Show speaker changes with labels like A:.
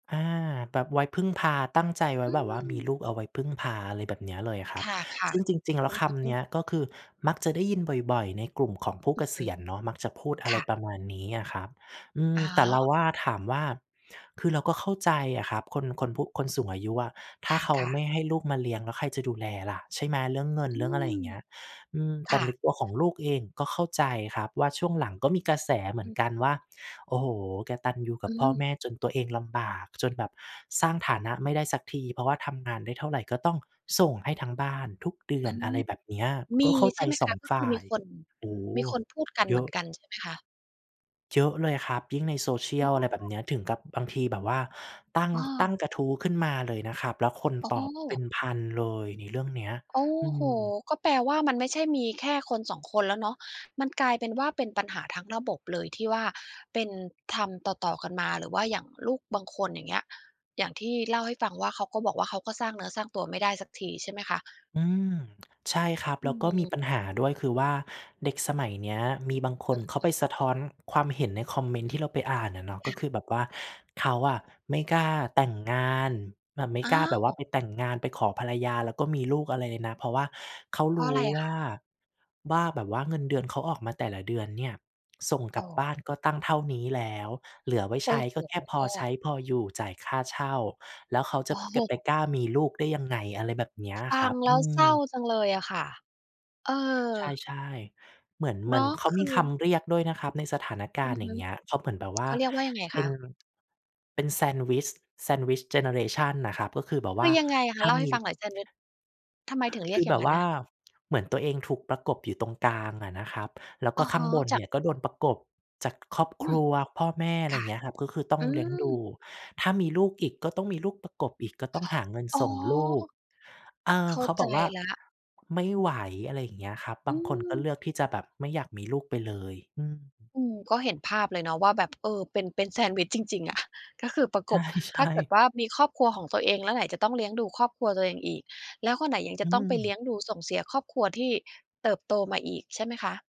A: อ่า แบบไว้พึ่งพา ตั้งใจไว
B: อ
A: ้
B: ื
A: แบบว่ามี
B: ม
A: ลูกเอาไว้พึ่งพา อะไรแบบเนี้ยเลยคร
B: ค
A: ับ
B: ่
A: ซ
B: ะ
A: ึ่งจริง ๆ แล
B: ๆ
A: ้วคำเนี้ย ก็คือมักจะได้ยินบ่อย ๆ ในกลุ่มของผู้
B: อื
A: เก
B: อฮ
A: ษ
B: ึ
A: ียณเนาะ มักจะพูด อะ
B: ค
A: ไร
B: ่ะ
A: ประมาณนี้อะครับ อื
B: อ
A: ม
B: ๋
A: แต่เรา
B: อ
A: ว่าถามว่า คือเราก็เข้าใจอะครับ คน คนผู้ คนสูงอายุอะ ถ้าเขา
B: ค่ะ
A: ไม
B: ๆ
A: ่ให้ลูกมาเลี้ยง แล้วใครจะดูแลล่ะใช่ไหม? เรื่องเงิน
B: อื
A: เรื่องอะไร
B: ม
A: อย่างเงี้ย อืม แ
B: ค
A: ต่
B: ่
A: ใน
B: ะ
A: ตัวของลูกเอง ก็เข้าใจครับว่า ช่วงหลังก็มีกระแสเหม
B: อ
A: ือน
B: ืม
A: กันว่า โอ้โฮ กตัญญูก
B: อ
A: ั
B: ื
A: บพ่อ
B: ม
A: แม่จนตัวเองลำบาก จนแบบสร้างฐานะไม่ได้สักที เพราะว่าทำงานได้เท่าไร ก็ต้องส่งให้ทางบ้านทุกเดื
B: อ
A: อ
B: ื
A: น อะไ
B: ม
A: รแบบเนี้ย
B: ม
A: ก็
B: ี
A: เข้าใ
B: ใช
A: จ
B: ่ไหม
A: ส
B: ค
A: อง
B: ะ? ก็
A: ฝ
B: คื
A: ่
B: อ
A: า
B: มี
A: ย
B: คน
A: โอ้โ
B: ม
A: ฮ
B: ีคนพูดกัน
A: เย
B: เหม
A: อ
B: ือน
A: ะ
B: กันใช่ไหมคะ?
A: เยอะเลยครับ ยิ่งใน
B: อ๋
A: Social
B: อ
A: อะไรแบบเนี้ย ถึงกับบางทีแบบว่า ตั้ง
B: อ้
A: ต
B: อ
A: ั้งกระทู้ขึ้นมาเลยนะครับ แล้วคน
B: อ๋อ
A: ตอบเ
B: เห
A: ป
B: ร
A: ็
B: อ?
A: น 1,000 เลยในเรื่องเนี้ย
B: โอ้
A: อื
B: โฮ
A: ม
B: ก็แปลว่ามันไม่ใช่มีแค่ 1-2 คนแล้วเนาะ มันกลายเป็นว่า เป็นปัญหาทั้งระบบ เลยที่ว่า เป็นทำต่อ ๆ กันมา หรือว่าอย่างลูกบางคน อย่างเงี้ย อย่างที่เล่าให้ฟังว่า เขาก็บอกว่าเขาก็สร้างเนื้อสร้างตัวไม่ได้สักทีใช่ไหมคะ?
A: อืม ใช่ครับ
B: อื
A: แล้วก็มี
B: ม
A: ปัญหาด้วย คือว่าเด็กสมัยเนี้ยมีบางค
B: อื
A: น
B: อฮ
A: เข้าไป
B: ึ
A: สะท้อนความเห็นในคอมเมนต์ที่เราไปอ่านอะเนาะ
B: ค
A: ก็
B: ่
A: ค
B: ะ
A: ือแบบว่าเขาอะไม่กล้าแต่งงาน แบบไม่
B: อ้า
A: กล้าแบบว่
B: ว
A: าไปแต่งงาน ไปขอภรรยา แล้วก็มีลูกอะไรเลยนะ เพราะว่าเขา
B: เพร
A: ร
B: าะอ
A: ู
B: ะ
A: ้
B: ไร
A: ว
B: ค
A: ่า
B: ะ?
A: ว่าแบบว่าเงินเดือนเขาออกมาแต่ละเดือนเนี่ย ส่งก
B: อ้
A: ลับ
B: อ
A: บ้านก็ตั้งเท่านี้แล้ว เหลือไว้
B: โอ
A: ใช
B: ้
A: ้ ก็แค่พ
B: โ
A: อใช
B: ฮ
A: ้พออยู่ จ่ายค่าเช่า แล้วเขา จะ
B: โ
A: จะไป
B: อ้
A: กล้ามีลูกได้ยังไง อะไรแบบเนี้ย
B: ฟ
A: ค
B: ั
A: ร
B: ง
A: ับ
B: แล
A: อ
B: ้
A: ื
B: วเศร้า
A: ม
B: จังเลยอะค่ะ เออ
A: ใช่ ๆ เหมือน เ
B: เ
A: ห
B: น
A: ม
B: า
A: ือน
B: ะ
A: เขา
B: ค
A: ม
B: ื
A: ีค
B: อ
A: ำเรียกด้วยนะครับในสถานก
B: อ
A: า
B: ื
A: รณ
B: อ
A: ์ อ
B: ฮ
A: ย่า
B: ึ
A: งเงี้ย เขาเหมือนแบบว
B: เ
A: ่
B: ข
A: า
B: าเรียกว่ายังไง
A: เป
B: ค
A: ็น
B: ะ?
A: เป็น แซนด์วิช แซนด์วิชเจเนอเรชันนะครับ ก็คือแบบ
B: ค
A: ว
B: ื
A: ่
B: อ
A: า
B: ยังไง อะค
A: ถ
B: ะ?
A: ้า
B: เล่าใ
A: ม
B: ห้
A: ี
B: ฟังหน่อยแซนด์วิช ทำไมถึงเรี
A: ค
B: ยก
A: ือ
B: อย
A: แ
B: ่
A: บ
B: าง
A: บ
B: งั้
A: ว
B: น
A: ่
B: น่
A: า
B: ะ?
A: เหมือนตัวเองถูกประกบอยู่ตรงกลางอะนะครับ แล้วก
B: อ
A: ็
B: ะ
A: ข
B: ฮ
A: ้าง
B: ะ
A: บน
B: จา
A: เ
B: ก
A: นี่ยก็โดนประกบจากครอบ
B: อื
A: ค
B: ม
A: รัว พ่อแม่ อะ
B: ค
A: ไร
B: ่ะ
A: เงี้ยครับ ก็คือต้อ
B: อื
A: งเลี้ยงดู
B: ม
A: ถ้ามีลูกอีกก็ต้องมีลูกประกบอีก ก็ต้องหาเงิน
B: อ๋อ
A: ส่งลูก เอ
B: เ
A: อ
B: ข้า
A: เขา
B: ใ
A: บ
B: จ
A: อกว่า
B: แล้ว
A: ไม่ไหว อะไรอย่างเงี้ยครับ
B: อ
A: บ
B: ื
A: างคนก็
B: ม
A: เลือกที่จะแบบไม่อยากมีลูกไปเลย อืม
B: อืม ก็เห็นภาพเลยเนาะว่าแบบ เออ เป็น เป็นแซนด์วิชจริง ๆ อ่ะ ก็คือประกบ
A: ใช
B: ถ้
A: ่
B: าเกิด
A: ๆ
B: ว่า มีครอบครัวของตัวเอง แล้วไหนจะต้องเลี้ยงดูครอบครัวตัวเองอีก แล้วคนไหนยังจ
A: อ
B: ะต้องไปเลี
A: ืม
B: ้ยงดูส่งเสียครอบครัวที่เติบโตมาอีกใช่ไหมคะ?